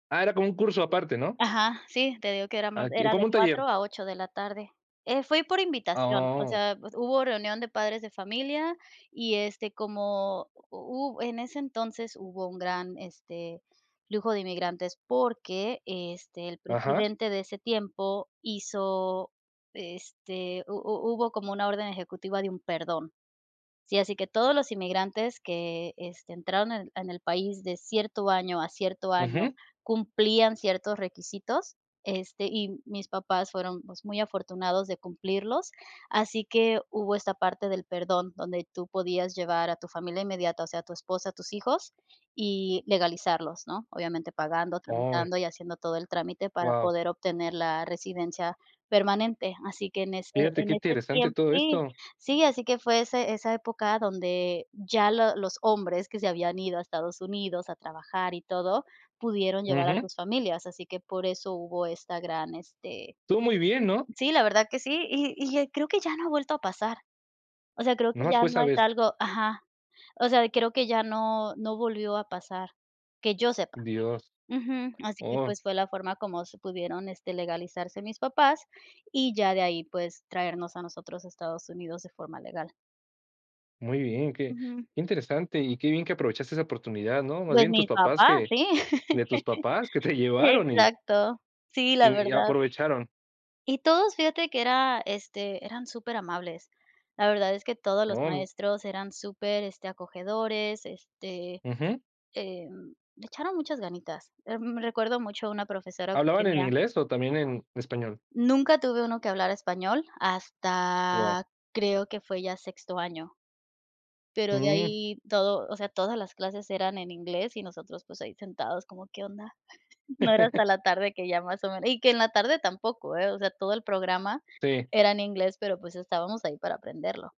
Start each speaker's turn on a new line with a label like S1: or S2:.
S1: Ah, era como un curso aparte, ¿no?
S2: Ajá, sí. Te digo que éramos
S1: Ah, que,
S2: era
S1: como
S2: de
S1: un taller.
S2: 4 a 8 de la tarde. Eh, fui por
S1: Ah,
S2: invitación, o
S1: oh.
S2: sea, pues, hubo reunión de padres de familia y, este, como hu en ese entonces, hubo un gran, este, flujo de inmigrantes. Porque, este, el
S1: Ajá.
S2: presidente de ese tiempo, hizo, este, hu hu hubo como una orden ejecutiva de un perdón. Sí, así que todos los inmigrantes, que, este, entraron en en el país de cierto año a cierto año,
S1: Ujú.
S2: cumplían ciertos requisitos, este, y mis papás fueron, pues, muy afortunados de cumplirlos, así que hubo esta parte del perdón, donde tú podías llevar, a tu familia inmediata, o sea, a tu esposa, tus hijos, y legalizarlos, ¿no? Obviamente, pagando,
S1: Oy.
S2: tramitando, y haciendo todo el trámite para
S1: Guau.
S2: poder obtener la residencia permanente. Así que, en ese
S1: Fíjate qué
S2: en ese
S1: interesante
S2: tiemp
S1: todo esto.
S2: Sí, así que fue ese esa época donde ya lo los hombres que se habían ido a Estados Unidos, a trabajar, y todo, pudieron llevar a
S1: Ujú.
S2: sus familias, así que por eso hubo esta gran este
S1: Tú, muy bien, ¿no?
S2: Sí, la verdad que sí, y y creo que ya no ha vuelto a pasar. O sea, creo que
S1: Nomás
S2: ya
S1: fue
S2: no
S1: esa
S2: es
S1: vez.
S2: algo Ajá. O sea, creo que ya no no volvió a pasar, que yo sepa.
S1: Dios.
S2: Ujú. Así que,
S1: Oh.
S2: pues, fue la forma, como se pudieron, este, legalizarse mis papás, y ya de ahí, pues traernos a nosotros a Estados Unidos de forma legal.
S1: Muy bien, que
S2: Ujú.
S1: que interesante, y qué bien que aprovechaste esa oportunidad, ¿no? Más
S2: Pues,
S1: bien, tus
S2: mi
S1: papás
S2: papá,
S1: que
S2: sí.
S1: de tus papás que te llevaron y
S2: Exacto, sí, la
S1: y y
S2: verdad.
S1: aprovecharon.
S2: Y todos, fíjate que era, este, eran superamables. La verdad es que todos los
S1: [unintelligible]
S2: maestros eran super, este, acogedores, este,
S1: Ujú.
S2: em, le echaron muchas ganitas. Em, recuerdo mucho a una profesora que
S1: ¿Hablaban en
S2: tenía
S1: inglés, o, también en español?
S2: nunca tuve 1 que hablara español,
S1: Guau.
S2: hasta, creo que fue ya sexto año pero de
S1: Mm.
S2: ahí todo, o sea, todas las clases eran en inglés, y nosotros pues ahí sentados, como, ¿qué onda? No era hasta la tarde, que ya más o menos Y que en la tarde tampoco, ¿eh? O sea, todo el programa
S1: Sí.
S2: era en inglés, pero, pues, estábamos ahí, para aprenderlo.